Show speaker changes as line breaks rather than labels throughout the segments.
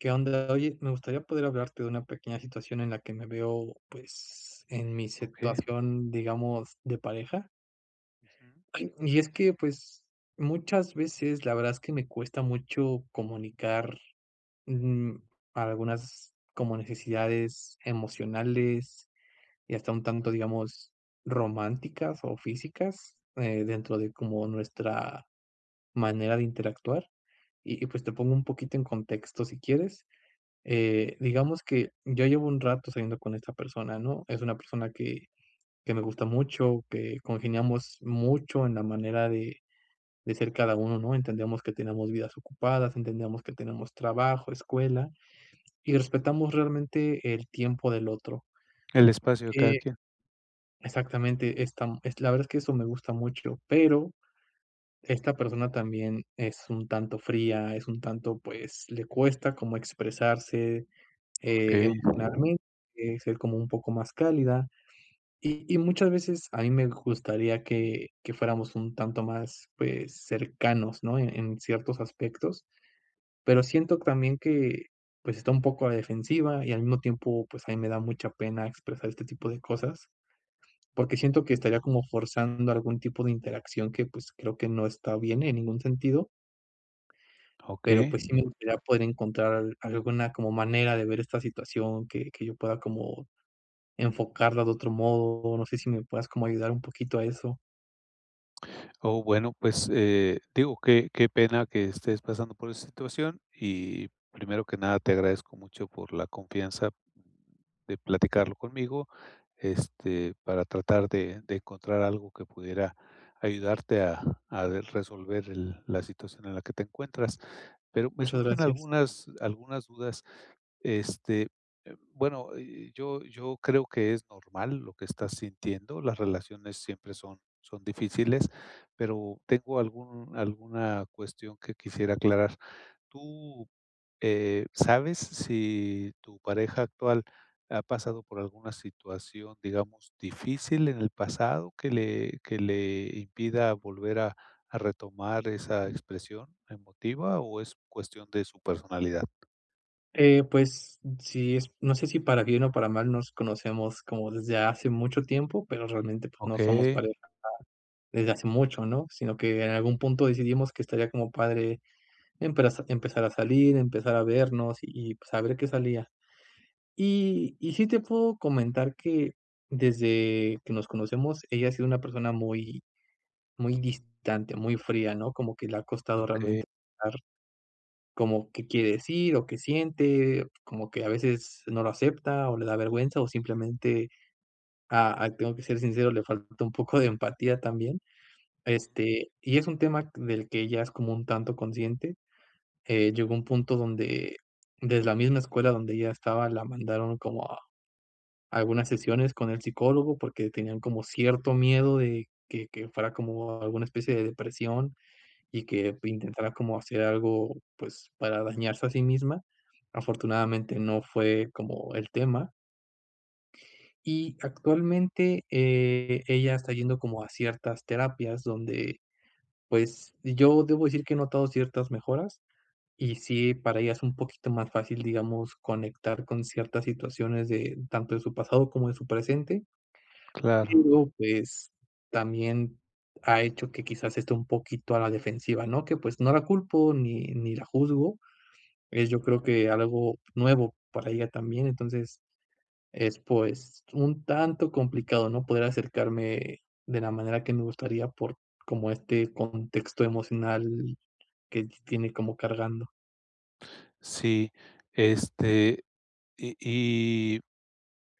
¿Qué onda?, oye, me gustaría poder hablarte de una pequeña situación en la que me veo pues, en mi
Okey
situación, digamos, de pareja.
Ujú.
Y es que pues, muchas veces, la verdad, es que me cuesta mucho comunicar, mm, algunas, como necesidades emocionales, y hasta un tanto, digamos, románticas o físicas, eh, dentro de como nuestra manera de interactuar, y y pues te pongo un poquito en contexto si quieres, eh, digamos que ya llevo un rato saliendo con esta persona, ¿no?, es una persona que que me gusta mucho, que congeniamos mucho en la manera de de ser cada uno, ¿no?, entendíamos que teníamos vidas ocupadas, entendíamos que tenemos trabajo, escuela, y respetamos realmente el tiempo del otro.
El espacio de cada
Eh
quién.
exactamente, esta la verdad es que eso me gusta mucho, pero, esta persona también es un tanto fría, es un tanto pues, le cuesta como expresarse, eh,
Okey.
[unintelligible] ser como un poco más cálida, y y muchas veces a mí me gustaría que que fuéramos un tanto más, pues cercanos, ¿no?, en ciertos aspectos, pero siento también que, pues, está un poco a la defensiva, y al mismo tiempo, pues a mí me da mucha pena expresar este tipo de cosas, porque siento que estaría como forzando algún tipo de interacción que, pues, creo que no está bien en ningún sentido. Pero
Okey.
pues sí me gustaría poder encontrar al alguna como manera de ver esta situación que que yo pueda como enfocarla de otro modo, no sé si me puedas como ayudar un poquito a eso.
Oh, bueno, pues, eh, digo que qué pena que estés pasando por esta situación, y primero que nada, te agradezco mucho por la confianza de platicarlo conmigo, este, para tratar de de encontrar algo que pudiera ayudarte a a resolver el la situación en la que te encuentras. Pero me
Muchas
surgen
gracias.
algunas algunas dudas. Este, eh, bueno, eh, yo yo creo que es normal lo que estás sintiendo, las relaciones siempre son son difíciles, pero tengo algún alguna cuestión que quisiera aclarar. Tú, eh, ¿sabes si tu pareja actual ha pasado por alguna situación, digamos difícil en el pasado que le que le impida volver a a retomar esa expresión emotiva, o es cuestión de su personalidad?
Eh, pues sí, es no sé es si para bien o para mal nos conocemos como desde hace mucho tiempo, pero realmente pues no somos
Okey.
pareja ya desde hace mucho, ¿no? Sino que en algún punto decidimos que estaría como padre empre empezar a salir, empezar a vernos, y pues a ver que salía. Y, y sí te puedo comentar que desde que nos conocemos, ella ha sido una persona muy, muy distante, muy fría, ¿no? Como que le ha costado
Okey.
realmente [unintelligible] como qué quiere decir, o qué siente, como que a veces no lo acepta, o le da vergüenza, o simplemente, ah, aquí tengo que ser sincero, le falta un poco de empatía también. Este, y es un tema del que ella es como un tanto consciente, eh, llegó un punto donde de la misma escuela donde ella estaba, la mandaron como a algunas sesiones con el psicólogo porque tenían como cierto miedo de que que fuera como alguna especie de depresión, y que intentara como hacer algo, pues para dañarse a sí misma. Afortunadamente no fue como el tema y actualmente, eh, ella está yendo como a ciertas terapias donde, pues yo debo decir que he notado ciertas mejoras, y sí, para ella es un poquito más fácil, digamos, conectar con ciertas situaciones de tanto de su pasado, como de su presente.
Claro.
Pero, pues también ha hecho que quizás esté un poquito a la defensiva, ¿no? Que, pues no la culpo, ni ni la juzgo. Eh, yo creo que algo nuevo para ella también, entonces es pues un tanto complicado, ¿no? Poder acercarme de la manera que me gustaría, por como este contexto emocional que tiene como cargando.
Sí, este, y y,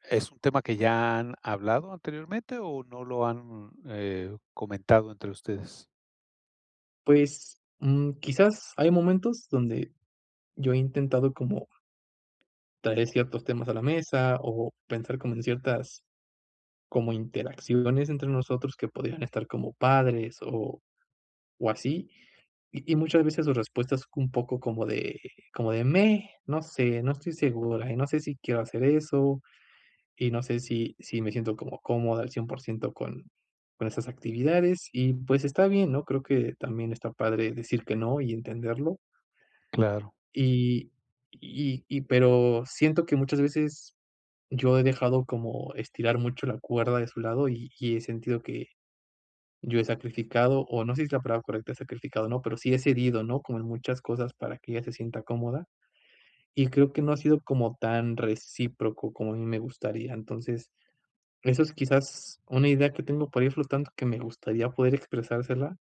¿es un tema que ya han hablado anteriormente, o no lo han, eh, comentado entre ustedes?
Pues mm, quizás hay momentos donde, yo he intentado como, traer ciertos temas a la mesa, o pensar como en ciertas como interacciones entre nosotros que podrían estar como padres, o, o así, y y muchas veces su respuesta es un poco como de como de: "Meh, no sé, no estoy segura, y no sé si quiero hacer eso, y no sé si si me siento como cómoda al cien por ciento con con esas actividades". Y pues está bien, ¿no? Creo que también está padre decir que no, y entenderlo.
Claro.
Y y y pero, siento que muchas veces, yo he dejado como estirar mucho la cuerda de su lado, y y he sentido que yo he sacrificado, o no sé si es la palabra correcta es sacrificado o no, pero sí he cedido, ¿no? Como en muchas cosas para que ella se sienta cómoda. Y creo que no ha sido como tan recíproco como a mí me gustaría, entonces, eso es quizás una idea que tengo, por ahí flotando que me gustaría poder expresársela,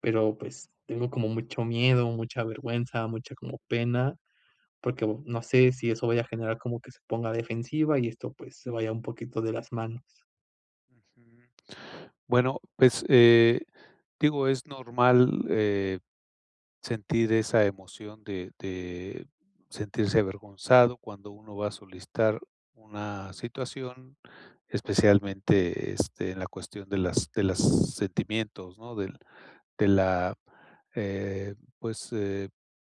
pero pues tengo como mucho miedo, mucha vergüenza, mucha como pena, porque bo no sé si eso vaya a generar como que se ponga defensiva, y esto pues se vaya un poquito de las manos.
Ujú. Bueno, pues, eh, digo, es normal, eh, sentir esa emoción de de sentirse avergonzado cuando uno va a solicitar una situación, especialmente, este, en la cuestión de las de las sentimientos, ¿no? Del de la, eh, pues, eh,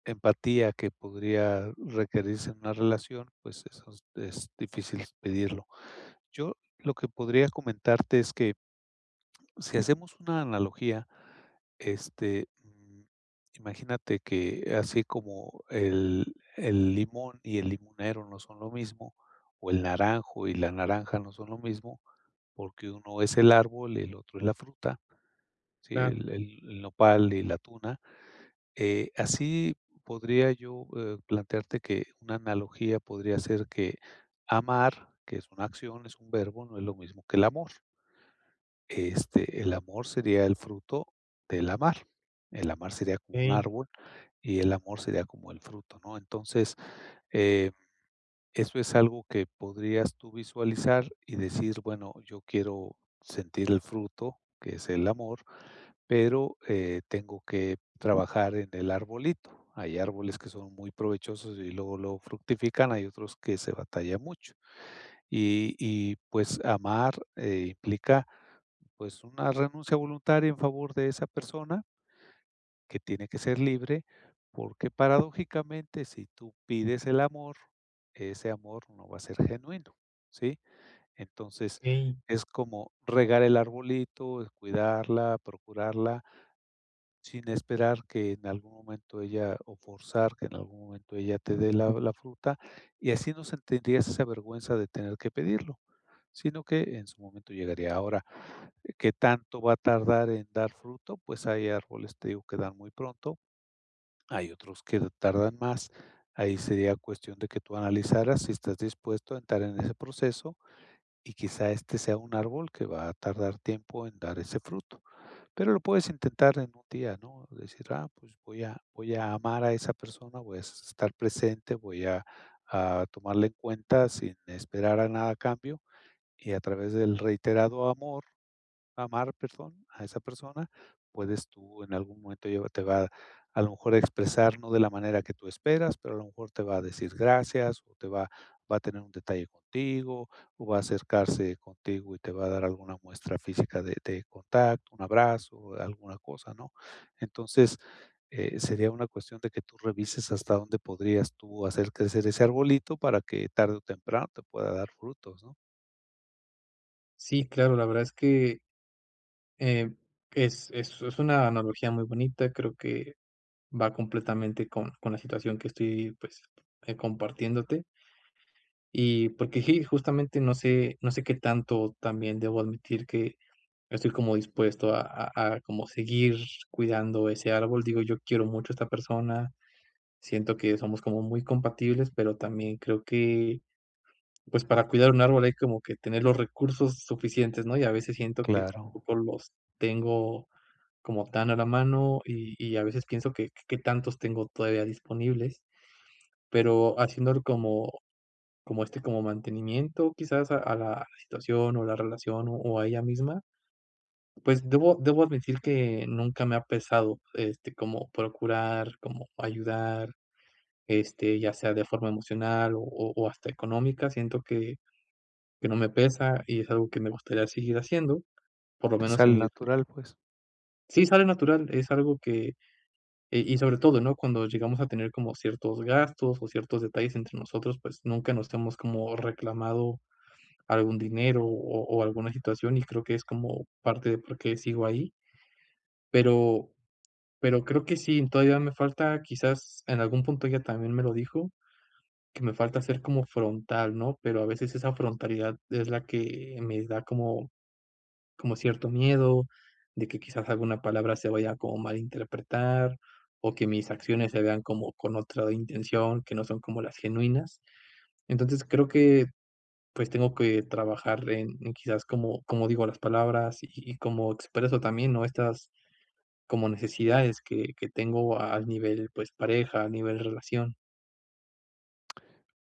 empatía que podría requerirse en una relación. Pues eso es difícil pedirlo. Yo lo que podría comentarte es que si hacemos una analogía, este, mm, imagínate que así como el el limón y el limonero no son lo mismo, o el naranjo y la naranja no son lo mismo, porque uno es el árbol y el otro es la fruta. Sí,
Claro.
el el el nopal y la tuna, eh, así podría yo, eh, plantearte que una analogía podría ser que amar, que es una acción, es un verbo. No es lo mismo que el amor. Este, el amor sería el fruto del amar. El amar sería como un
Okey.
árbol, y el amor sería como el fruto, ¿no? Entonces, eh, eso es algo que podrías tú visualizar y decir: "Bueno, yo quiero sentir el fruto que es el amor, pero, eh, tengo que trabajar en el arbolito". Hay árboles que son muy provechosos y luego lo fructifican. Hay otros que se batallan mucho, y y pues amar, eh, implica, pues, una renuncia voluntaria en favor de esa persona que tiene que ser libre porque, paradójicamente, si tú pides el amor, ese amor no va a ser genuino, ¿sí? Entonces
Okey.
es como regar el arbolito, cuidarla, procurarla sin esperar que en algún momento ella o forzar que en algún momento ella te dé la la fruta, y así no sentirías esa vergüenza de tener que pedirlo, sino que en su momento llegaría, ahora, ¿que tanto va a tardar en dar fruto? Pues hay árboles, te digo que dan muy pronto. Hay otros que tardan más. Ahí sería cuestión de que tú analizaras si estás dispuesto a entrar en ese proceso, y quizá este sea un árbol que va a tardar tiempo en dar ese fruto. Pero lo puedes intentar en un día, ¿no?, decir: "Ah, pues voy a voy a amar a esa persona, voy a estar presente, voy a a tomarla en cuenta sin esperar a nada a cambio" y a través del reiterado amor amar, perdón, a esa persona, puedes tú, en algún momento ella te va a lo mejor a expresar, no de la manera que tú esperas, pero a lo mejor te va a decir gracias, o te va va a tener un detalle contigo, o va a acercarse contigo y te va a dar alguna muestra física de de contacto. Un abrazo o alguna cosa, ¿no? Entonces, eh, sería una cuestión de que tú revises hasta dónde podrías tú hacer crecer ese arbolito para que tarde o temprano te pueda dar frutos, ¿no?
Sí, claro. La verdad es que, eh, es es es una analogía muy bonita. Creo que va completamente con con la situación que estoy, pues, eh, compartiéndote. Y porque sí, justamente no sé no sé qué tanto también debo admitir que estoy como dispuesto a a a como seguir cuidando ese árbol. Digo, yo quiero mucho a esta persona. Siento que somos como muy compatibles, pero también creo que, pues para cuidar un árbol hay como que tener los recursos suficientes, ¿no?, y a veces siento que
Claro.
tampoco los tengo como tan a la mano, y y a veces pienso que qué tantos tengo todavía disponibles. Pero haciéndolo como como, este, como mantenimiento, quizás a a la situación, o la relación, o o a ella misma. Pues debo debo admitir que nunca me ha pesado, este, como procurar, como ayudar, este, ya sea de forma emocional, o o hasta económica. Siento que que no me pesa, y es algo que me gustaría seguir haciendo por lo
Te
menos en
sale
mi
natural, pues.
Sí sale natural, es algo que y y sobre todo, ¿no?, cuando llegamos a tener como ciertos gastos o ciertos detalles entre nosotros, pues nunca nos hemos como reclamado algún dinero, o o alguna situación y creo que es como parte de por qué sigo ahí. Pero, pero creo que sí, eh, todavía me falta, quizás en algún punto ella también me lo dijo, que me falta ser como frontal, ¿no? Pero a veces esa frontalidad es la que me da como como cierto miedo, de que quizás alguna palabra se vaya como a malinterpretar, o que mis acciones se vean como con otra intención que no son como las genuinas, entonces creo que pues, tengo que trabajar en en quizás como como digo las palabras, y y cómo expreso también, ¿no?, estas como necesidades que que tengo al nivel, pues, pareja, a nivel relación.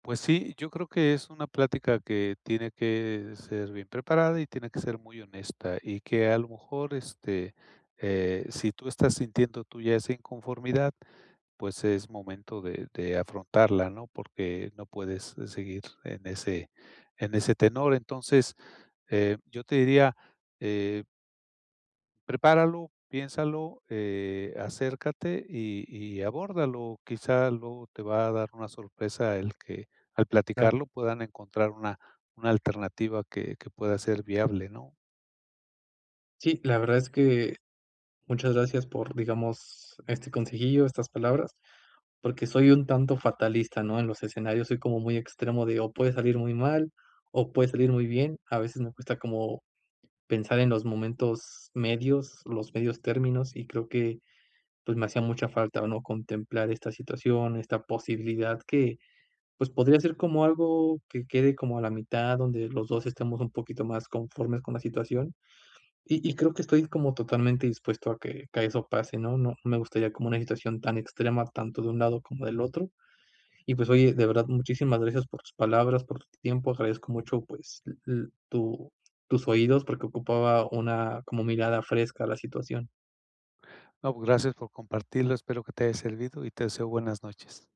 Pues sí, yo creo que es una plática que tiene que ser bien preparada, y tiene que ser muy honesta, y que a lo mejor, este, eh, si tú estás sintiendo tú ya esa inconformidad, pues, es momento de de afrontarla, ¿no? Porque no puedes, eh, seguir en ese en ese tenor, entonces, eh, yo te diría, eh Prepáralo, piénsalo, eh, acércate, y y abórdalo. Quizá luego te va a dar una sorpresa el que al
Claro.
platicarlo puedan encontrar una una alternativa que que pueda ser viable, ¿no?
Sí, la verdad es que muchas gracias por, digamos este consejillo, estas palabras, porque soy un tanto fatalista, ¿no?, en los escenarios soy como muy extremo, de, o puede salir muy mal o puede salir muy bien. A veces me cuesta como pensar en los momentos medios, los medios términos, y creo que pues me hacía mucha falta, o no, contemplar esta situación, esta posibilidad que, pues podría ser como algo que quede como a la mitad, donde los dos estemos un poquito más conformes con la situación. Y y creo que estoy como totalmente dispuesto a que que eso pase, ¿no?, no no me gustaría como una situación tan extrema tanto de un lado como del otro y pues oye, de verdad, muchísimas gracias por tus palabras, por tu tiempo. Agradezco mucho, pues l l tu tus oídos porque ocupaba una como mirada fresca a la situación.
No, pues gracias por compartirlo, espero que te haya servido, y te deseo buenas noches.